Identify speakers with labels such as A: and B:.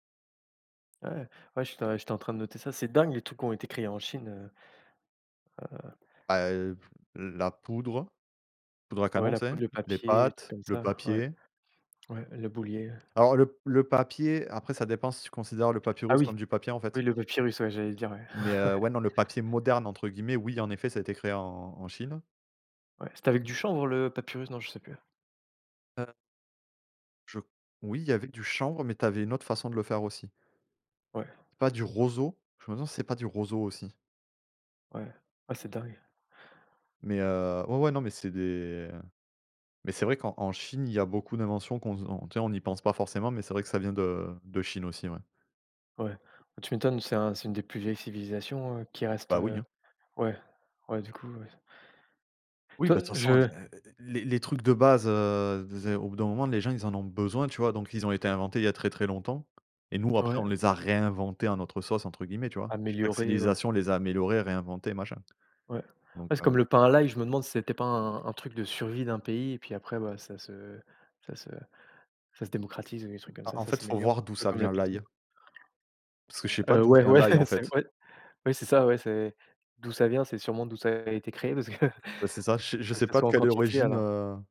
A: Ouais? Ouais j'ét j'étais en train de noter ça, c'est dingue les trucs qui ont été créés en Chine, heu. Heu
B: Bah, heu, f la poudre poudre à
A: Ouais
B: canon,
A: la
B: tu sais?
A: poudre, le
B: Les
A: papier, les trucs
B: pâtes,
A: comme
B: le
A: ça, ouais,
B: papier.
A: ouais le boulier.
B: Alors le le papier, après ça dépend si tu considère le
A: Ah
B: papyrus
A: oui,
B: comme du papier, en fait.
A: oui, le papyrus, ouais, j'allais dire ouais,
B: Mais, heu,
A: ouais.
B: ouais, non, le papier «moderne» entre guillemets, oui en effet ça a été créé en en Chine.
A: Ouais, c'était avec du chanvre le papyrus, non, je sais plus?
B: Heu Je oui il y avait du chanvre, mais tu avais une autre façon de le faire aussi.
A: Ouais.
B: C'est pas du roseau? Je me demande si c'est pas du roseau aussi.
A: Ouais, ah c'est dingue.
B: Mais heu, ouais, ouais non mais c'est des mais c'est vrai qu'en en Chine il y a beaucoup d'inventions qu'on s tu sais on n'y pense pas forcément, mais c'est vrai que ça vient de de Chine aussi, ouais.
A: Ouais, bah, tu m'étonnes c'est un c'est une des plus vieilles civilisations, heu, qui reste,
B: Bah oui,
A: heu,
B: hein.
A: ouais, ouais, du coup, oui.
B: Oui,
A: Toi
B: bah, de toute façon
A: je
B: et et les les trucs de base, heu, vas y, au bout d'un moment les gens ils en ont besoin, tu vois? Donc ils ont été inventés il y a très, très longtemps, et nous après
A: Ouais.
B: on les a réinventés «en notre sauce» entre guillemets, tu vois? Chaque
A: Améliorer, ouais.
B: civilisation les a améliorés, réinventés, machin.
A: Ouais.
B: Donc
A: Ouais, c'est
B: heu
A: comme le pain à l'ail, je me demande si c'était pas un un truc de survie d'un pays et puis après, bah, ça se ça se ça se démocratise, les
B: M
A: trucs comme
B: bah,
A: ça,
B: en
A: ça
B: fait, il faut voir
A: s'améliore un
B: d'où
A: peu
B: ça
A: comme la
B: vient
A: pizza
B: l'ail parce que je
A: quoi.
B: sais pas
A: Heu,
B: d'où
A: ouais,
B: vient
A: ouais
B: l'ail en
A: c'est
B: fait.
A: incroy ouais c'est ça ouais, c'est d'où ça vient, c'est sûrement d'où ça a été créé parce que, heu,
B: Ouais, c'est ça, je
A: il
B: je
A: faut que
B: sais
A: ça
B: pas de
A: soit en
B: quelle
A: quantité
B: origine,
A: alors.
B: heu